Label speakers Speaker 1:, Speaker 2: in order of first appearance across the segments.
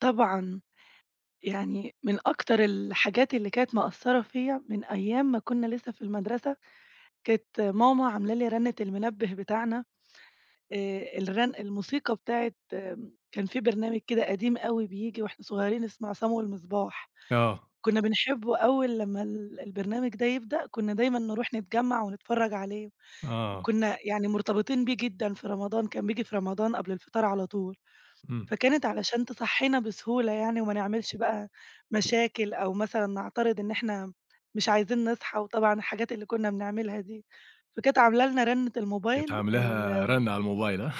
Speaker 1: طبعًا. يعني من أكتر الحاجات اللي كانت مأثّرة فيّا من أيام ما كنّا لسه في المدرسة، كانت ماما عاملة لي رنّة المنبه بتاعنا آآ الغن الموسيقى بتاعة م كان في برنامج كده قديم أوي بييجي واحنا صغيّرين اسمه عصام والمصباح،
Speaker 2: آه.
Speaker 1: كنّا بنحبه أول لمّا ال البرنامج ده يبدأ كنّا دايمًا نروح نتجمّع ونتفرّج عليه،
Speaker 2: آه.
Speaker 1: وكنّا يعني مرتبطين بيه جدًا في رمضان كان بييجي في رمضان قبل الفطار على طول،
Speaker 2: إمم.
Speaker 1: فكانت علشان تصحينا بسهولة يعني وما نعملش بقى مشاكل أو مثلًا نعترض إن إحنا مش عايزين نصحى وطبعًا الحاجات اللي كنّا بنعملها دي، فكانت عاملة لنا رنّة
Speaker 2: كانت
Speaker 1: الموبايل
Speaker 2: عاملاها
Speaker 1: الم
Speaker 2: رنّة على الموبايل.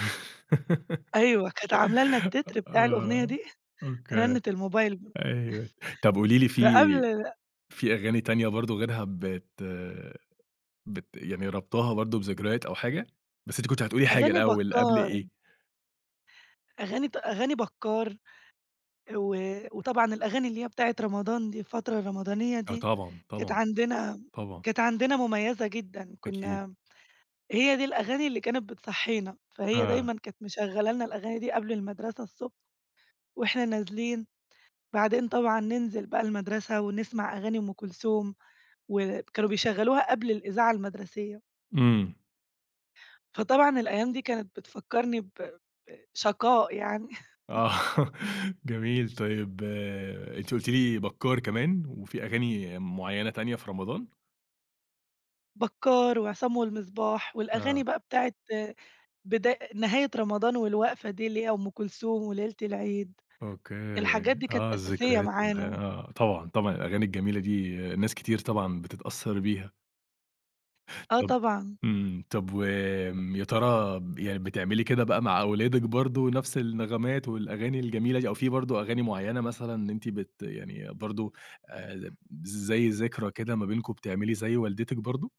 Speaker 1: أيوه، كانت عاملة لنا التتر بتاع الأغنية
Speaker 2: آه
Speaker 1: دي
Speaker 2: أوكي،
Speaker 1: رنّة الموبايل ب
Speaker 2: أيوه طَب قولي لي
Speaker 1: فقبل
Speaker 2: في
Speaker 1: ال
Speaker 2: في أغاني تانية برضه غيرها بت بت يعني رابطاها برضه بذكريات أو حاجة؟ بس أنتِ كنتِ هتقولي حاجة
Speaker 1: أغاني
Speaker 2: الأول قبل
Speaker 1: بكّار.
Speaker 2: إيه؟
Speaker 1: أغاني ت أغاني بكّار، و وطبعًا الأغاني اللي هي بتاعة رمضان دي الفترة الرمضانية
Speaker 2: آه
Speaker 1: دي،
Speaker 2: طبعًا،
Speaker 1: كانت
Speaker 2: طبعًا.
Speaker 1: عندنا م
Speaker 2: طبعًا.
Speaker 1: كانت عندنا مُميزة جدًا كنّا
Speaker 2: أكيد.
Speaker 1: امم، هي دي الأغاني اللي كانت بتصحينا، فهي
Speaker 2: آه.
Speaker 1: دايمًا كانت مشغلة لنا الأغاني دي قبل المدرسة الصبح واحنا نازلين، بعدين طبعًا ننزل بقى المدرسة ونسمع أغاني أم كلثوم وب كانوا بيشغّلوها قبل الإذاعة المدرسية.
Speaker 2: إمم.
Speaker 1: فطبعًا الأيام دي كانت بتفكّرني ب ب شقاء يعني
Speaker 2: آه، جميل طيب أنتِ قُلتِ لي بكّار كمان وفي أغاني معيّنة تانية في رمضان؟
Speaker 1: بكّار وعصام والمصباح والأغاني
Speaker 2: آه.
Speaker 1: بقى بتاعة بدا آآ، نهاية رمضان والوقفة دي اللي هي أم كلثوم وليلة العيد،
Speaker 2: أوكي
Speaker 1: الحاجات دي كانت
Speaker 2: آه،
Speaker 1: أساسية
Speaker 2: الذكريات والحا
Speaker 1: معانا.
Speaker 2: آه طبعًا، طبعًا الأغاني الجميلة دي ناس كتير طبعًا بتتأثّر بيها.
Speaker 1: آه،
Speaker 2: طَب
Speaker 1: طبعًا.
Speaker 2: إمم، طَب وآمم يا ترى ب يعني بتعملي كده بقى مع أولادِك برضه نَفْس النغمات والأغاني الجميلة دي؟ أو في برضه أغاني معيّنة مثلًا أنتِ بت يعني برضه آآ، يم بز زي ذكرى كده ما بينكم بتعملي زي والدتِك برضه؟